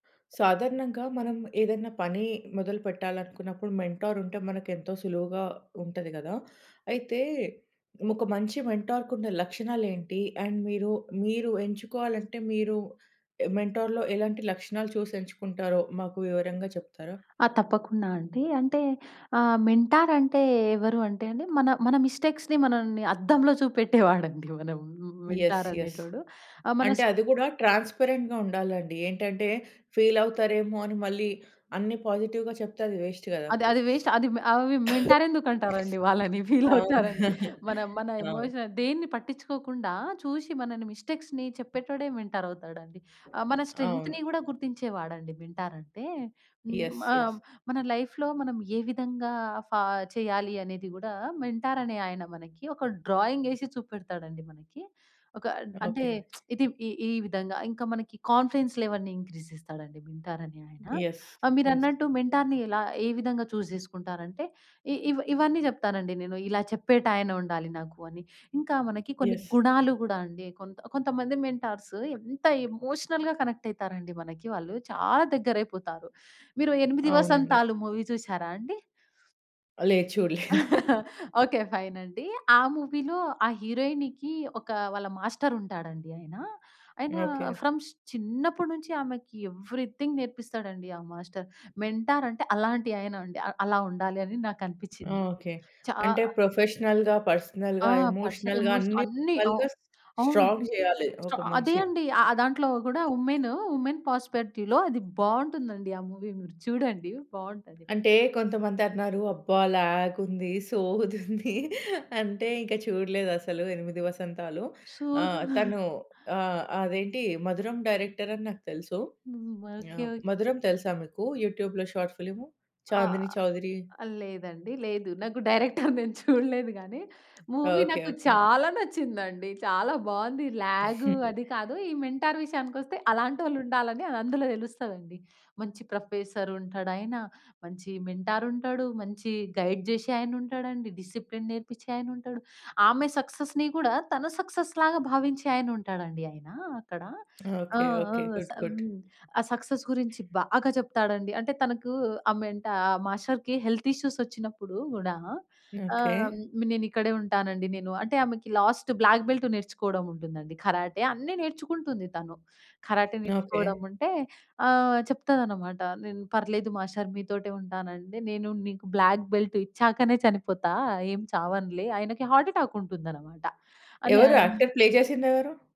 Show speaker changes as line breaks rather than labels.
సాధారణంగా మనం ఏదైనా పని మొదలుపెట్టాలనుకున్నప్పుడు మెంటార్ ఉంటే మనకు ఎంతో సులువుగా ఉంటది గదా! అయితే ఒక మంచి మెంటార్‌కున్న లక్షణాలేంటి? అండ్ మీరు మీరు ఎంచుకోవాలంటే మీరు మెంటార్‌లో ఎలాంటి లక్షణాలు చూసి ఎంచుకుంటారో మాకు వివరంగా చెప్తారా?
ఆ! తప్పకుండా అండీ. అంటే ఆహ్, మెంటార్ అంటే ఎవరు అంటే అండి మన మన మిస్టేక్స్‌ని మనల్ని అద్దంలో చూపెట్టేవాడండి మన
యస్.
Mentor
yes.
అనేటోడు. ఆ
అంటే
మనసు
అది కూడా ట్రాన్స్‌పరెంట్‌గా ఉండాలండి. ఏంటంటే ఫీలవుతారేమో అని మళ్ళీ అన్ని పాజిటివ్‌గా చెప్తే అది వేస్ట్ గదా!
అది అది వేస్ట్. అది అవి మెంటార్ ఎందుకంటారండి వాళ్ళని ఫీల్
అవునా!
అవుతారని మన మన
అవును.
ఎమోషన్ దేన్ని పట్టించుకోకుండా చూసి మనల్ని మిస్టేక్స్‌ని చెప్పేటోడే మెంటార్ అవుతాడండి. ఆహ్, మన స్ట్రెంగ్త్‌ని
అవును.
కూడా గుర్తించేవాడండి మెంటార్ అంటే. హ్మ్.
యస్.
ఆ!
యస్.
మన లైఫ్‌లో మనం ఏ విధంగా ఫా చేయాలి అనేది కూడా మెంటార్ అనే ఆయన మనకి ఒక డ్రాయింగ్ ఏసి చూపెడతాడండి మనకి. ఒక అంటే
ఓకే.
ఇది ఈ ఈ విధంగా ఇంకా మనకి కాన్ఫెన్స్ లెవెల్స్‌ని ఇంక్రీజ్ చేస్తాడండి మెంటార్ అనే ఆయన.
యస్.
ఆహ్,
యస్.
మీరన్నట్టు మెంటార్‌ని ఎలా ఏ విధంగా చూజ్ చేసుకుంటారంటే ఇ ఇ ఇవన్నీ చెప్తానండి నేను. ఇలా చెప్పేటాయన ఉండాలి నాకు అని. ఇంకా మనకి కొన్ని
యస్.
గుణాలు కూడా అండి కొంత కొంతమంది మెంటార్స్ ఎంత ఎమోషనల్‌గా కనెక్ట్ అయితారండి మనకి వాళ్ళు చాలా దగ్గరైపోతారు. మీరు 8
అవునండి.
వసంతాలు మూవీ చూసారా అండి?
లేదు. చూడలేదు.
ఓకే. ఫైన్ అండి. ఆ మూవీలో ఆ హీరోయిన్‌కి ఒక వాళ్ళ మాస్టరు ఉంటాడండి ఆయన. ఆయన
ఓకే.
ఫ్రమ్స్ చిన్నప్పటి నుంచి ఆమెకి ఎవ్రీథింగ్ నేర్పిస్తాడండి ఆ మాస్టరు. మెంటార్ అంటే అలాంటి ఆయనండి అ అలా ఉండాలని నాకనిపిచ్చిందండి.
ఓకే.
చా
అంటే ప్రొఫెషనల్‌గా,
ఆ!
పర్సనల్‌గా,
పర్సనల్
ఎమోషనల్‌గా
ఎమోషన్
అన్ని
అన్ని అ
రకాలుగా
అవును.
స్ట్రాంగ్ చేయాలి
అ
ఒక
అదే
మనిషిని.
అండి. ఆ దాంట్లో కూడా వుమెను వుమెన్ ప్రాస్పెక్టీవ్‌లో అది బావుంటుందండి. ఆ మూవీ మీరు చూడండి బావుంటది.
అంటే కొంతమందన్నారు అబ్బా! ల్యాగుంది, సోదుంది. అంటే ఇంకా చూడలేదసలు '8 వసంతాలు'.
సోదా!
ఆహ్, తను ఆహ్, అదేంటి 'మధురం' డైరెక్టరని నాకు తెలుసు
హ్మ్. ఓకే.
ఆహ్,
ఓకే.
'మధురం' తెలుసా మీకు యూట్యూబ్‌లో షార్ట్ ఫిల్ము?
ఆ!
'చాందిని చౌదరి'.
లేదండి. లేదు నాకు డైరెక్టర్ నేను చూడలేదు గాని మూవీ
ఓకే,
నాకు
ఓకే.
చాలా నచ్చిందండి. చాలా బావుంది. ల్యాగ్ అది కాదు ఈ మెంటార్ విషయానికొస్తే అలాంటోళ్ళుండాలని అందులో తెలుస్తదండి. మంచి ప్రొఫెసర్ ఉంటాడాయన, మంచి మెంటార్ ఉంటాడు, మంచి గైడ్ జేసే ఆయన ఉంటాడండి, డిసిప్లిన్ నేర్పించే ఆయన ఉంటాడు. ఆమె సక్సెస్‌ని కూడా తన సక్సెస్‌లాగా భావించే ఆయన ఉంటాడండి ఆయన అక్కడ. ఆ!
ఓకే.
ఆ!
ఓకే.
స
గుడ్. గుడ్.
హ్మ్. ఆ సక్సెస్ గురించి బాగా చెప్తాడండి. అంటే తనకు ఆహ్, మెంటార్ ఆ మాస్టర్‌కి హెల్త్ ఇష్యూస్ వచ్చినప్పుడు కూడా
ఓకే.
ఆహ్, నేనిక్కడే ఉంటానండి నేను. అంటే ఆమెకి లాస్ట్ బ్లాక్ బెల్ట్ నేర్చుకోవడం ఉంటుందండి. కరాటే అన్నీ నేర్చుకుంటుంది తను. Karate
okay.
నేర్చుకోవడం ఉంటే ఆహ్, చెప్తాదన్నమాట నేను పర్లేదు మాస్టర్ మీతోటే ఉంటానంటే నేను నీకు బ్లాక్ బెల్ట్ ఇచ్చాకనే చనిపోతా ఏం చావనులే ఆయనకి హార్ట్ అటాక్ ఉంటుందన్నమాట. అని
ఎవరు యాక్టర్
ఆయన
ప్లే చేసిందెవరు?